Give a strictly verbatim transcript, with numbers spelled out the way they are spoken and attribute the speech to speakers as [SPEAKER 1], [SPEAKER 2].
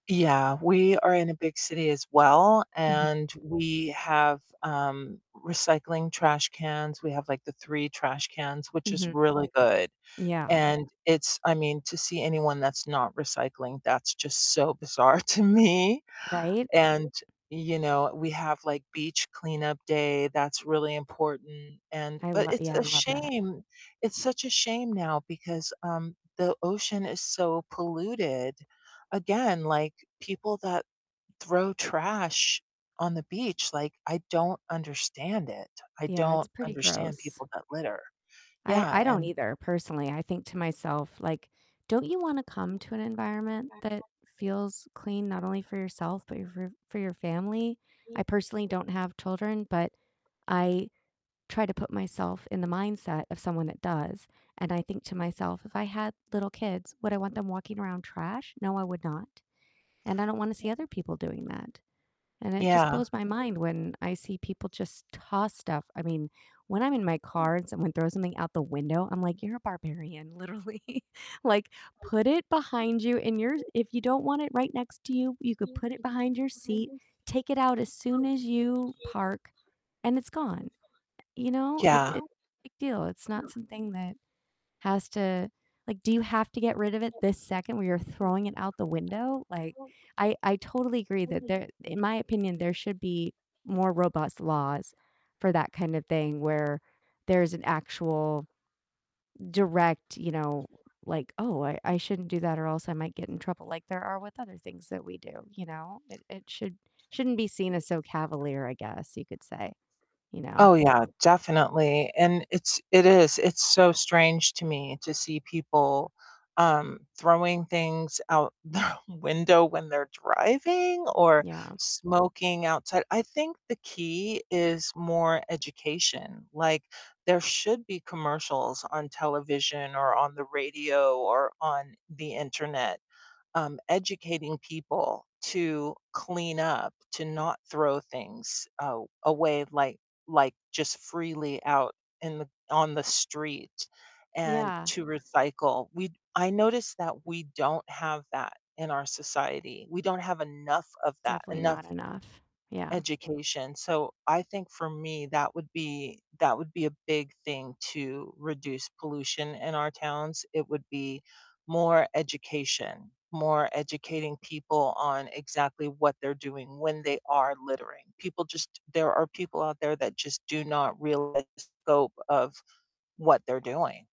[SPEAKER 1] Yeah, we are in a big city as well,
[SPEAKER 2] Mhm.
[SPEAKER 1] and we have, um, recycling trash cans, we have, like, the three trash cans, which is
[SPEAKER 2] Mhm.
[SPEAKER 1] really good,
[SPEAKER 2] Yeah.
[SPEAKER 1] and it's I mean, to see anyone that's not recycling, that's just so bizarre to me,
[SPEAKER 2] Right?
[SPEAKER 1] and, you know, we have, like, beach cleanup day, that's really important and
[SPEAKER 2] I
[SPEAKER 1] but,
[SPEAKER 2] lo
[SPEAKER 1] it's
[SPEAKER 2] yeah, I
[SPEAKER 1] a
[SPEAKER 2] love that.
[SPEAKER 1] shame. It's such a shame now because, um, the ocean is so polluted. Again, like, people that throw trash on the beach, like, I don't understand it, I
[SPEAKER 2] Yeah, it's
[SPEAKER 1] don't
[SPEAKER 2] pretty
[SPEAKER 1] understand
[SPEAKER 2] gross.
[SPEAKER 1] people that litter.
[SPEAKER 2] I
[SPEAKER 1] Yeah,
[SPEAKER 2] I don't
[SPEAKER 1] and
[SPEAKER 2] either, personally, I think to myself, like, "Don't you wanna come to an environment that feels clean? Not only for yourself, but your f for your family?" I personally don't have children, but I try to put myself in the mindset of someone that does, and I think to myself, "If I had little kids, would I want them walking around trash?" No, I would not, and I don't wanna
[SPEAKER 1] Ye
[SPEAKER 2] see other people doing that. And it just
[SPEAKER 1] Yeah.
[SPEAKER 2] blows my mind when I see people just toss stuff, I mean, when I'm in my car and someone throws something out the window, I'm like, "You're a barbarian, literally, like, put it behind you in your if you don't want it right next to you, you could put it behind your seat, take it out as soon as you park, and it's gone." You know, it it
[SPEAKER 1] Yeah.
[SPEAKER 2] big deal, it's not something that has to like, "Do you have to get rid of it this second where you're throwing it out the window?" Like, I I totally agree that there in my opinion, there should be more robust laws for that kinda thing, where there's an actual direct, you know, like, "Oh, I I shouldn't do that or else I might get in trouble," like there are with other things that we do, you know? It it should shouldn't be seen as so cavalier, I guess you could say, you know?
[SPEAKER 1] Oh yeah, definitely, and it's it is, it's so strange to me to see people, um, throwing things out their window when they're driving or
[SPEAKER 2] Yeah.
[SPEAKER 1] smoking outside, I think the key is more education. Like, there should be commercials on television, or on the radio, or on the Internet, um, educating people to clean up, to not throw things, a away, like like just freely out in the on the street, and
[SPEAKER 2] Yeah.
[SPEAKER 1] to recycle, we I notice that we don't have that in our society, we don't have enough of that,
[SPEAKER 2] Definitely
[SPEAKER 1] enough
[SPEAKER 2] not enough, yeah.
[SPEAKER 1] education, so I think for me, that would be that would be a big thing to reduce pollution in our towns, it would be more education, more educating people on exactly what they're doing when they are littering, people just there are people out there that just do not realize the scope of what they're doing.